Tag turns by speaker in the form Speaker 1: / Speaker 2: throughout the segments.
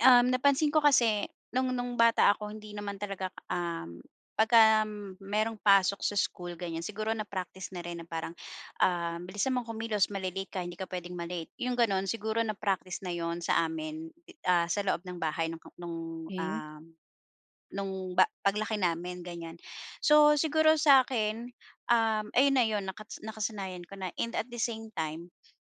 Speaker 1: Um, napansin ko kasi nung nung bata ako, hindi naman talaga k um, pagka merong pasok sa school, ganyan, siguro na-practice na rin na parang, ah, "Bilisan mong kumilos, mali-late ka, hindi ka pwedeng ma-late." yong gano'n. Siguro na-practice na 'yon sa amin, i ah, sa loob ng bahay nung k nung,
Speaker 2: Okey.
Speaker 1: um, nung ba paglaki namin, ganyan. So siguro sa akin, um, ayun na 'yun, nakat nakasanayan ko na. And at the same time,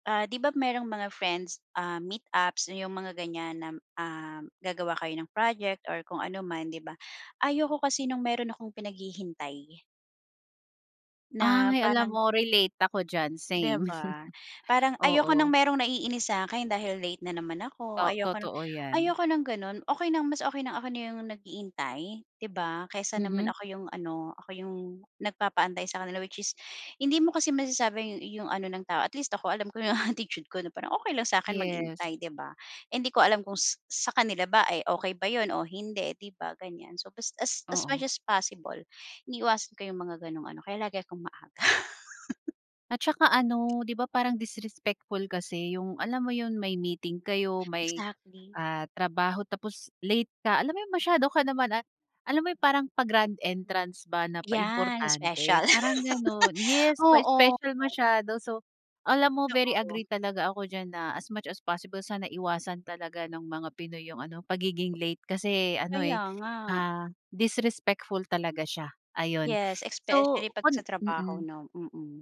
Speaker 1: ah, 'di ba merong mga friends, ah, meet-ups na, 'yong mga ganyan nam um, gagawa kayo ng project or kung ano man, 'di ba, ayaw ko kasi nung meron akong pinaghihintay. Na
Speaker 2: Ay, alam
Speaker 1: parang
Speaker 2: mo relate ako diyan,
Speaker 1: Di
Speaker 2: same.
Speaker 1: ba? Parang ayoko ng
Speaker 2: Oo.
Speaker 1: merong naiinis sa akin dahil late na naman ako,
Speaker 2: To
Speaker 1: ayoko na
Speaker 2: totoo yan.
Speaker 1: ayoko ng gano'n. Okey ng mas okey na ako na 'yong nag-iintay, 'di ba, kesa naman
Speaker 2: Mhm.
Speaker 1: ako 'yong ano, ako 'yong nagpapaantay sa kanila, which is hindi mo kasi masasabi yu yung ano ng tao, at least ako, alam ko 'yong attitude ko, na parang okey lang sa akin
Speaker 2: Yes.
Speaker 1: maghintay, 'di ba? Eh, hindi ko alam kung s sa kanila ba, eh, okey ba 'yon o hindi, 'di ba, ganyan. So, as as as
Speaker 2: Oo.
Speaker 1: much as possible, iniiwasan ko 'yung mga gano'ng ano, kaya lagi 'kong maaga.
Speaker 2: At tsaka ano, 'di ba, parang disrespectful kasi 'yung, alam mo 'yun, may meeting kayo, may,
Speaker 1: Exactly.
Speaker 2: ah, trabaho tapos late ka. Alam mo 'yung masyado ka naman a alam mo 'yung parang pa-grand entrance ba na
Speaker 1: Yan,
Speaker 2: pa-importante,
Speaker 1: special.
Speaker 2: parang gano'n. Yes,
Speaker 1: Oo.
Speaker 2: pa-special masyado so alam mo, very
Speaker 1: Totoo.
Speaker 2: agree talaga ako diyan na, as much as possible sana iwasan talaga ng mga Pinoy 'yong ano, pagiging late, kasi ano,
Speaker 1: Kaya
Speaker 2: eh,
Speaker 1: nga.
Speaker 2: ah, disrespectful talaga siya, ayon.
Speaker 1: Yes,
Speaker 2: So
Speaker 1: especially pag sa
Speaker 2: kon
Speaker 1: trabaho,
Speaker 2: mm.
Speaker 1: 'no? Mm.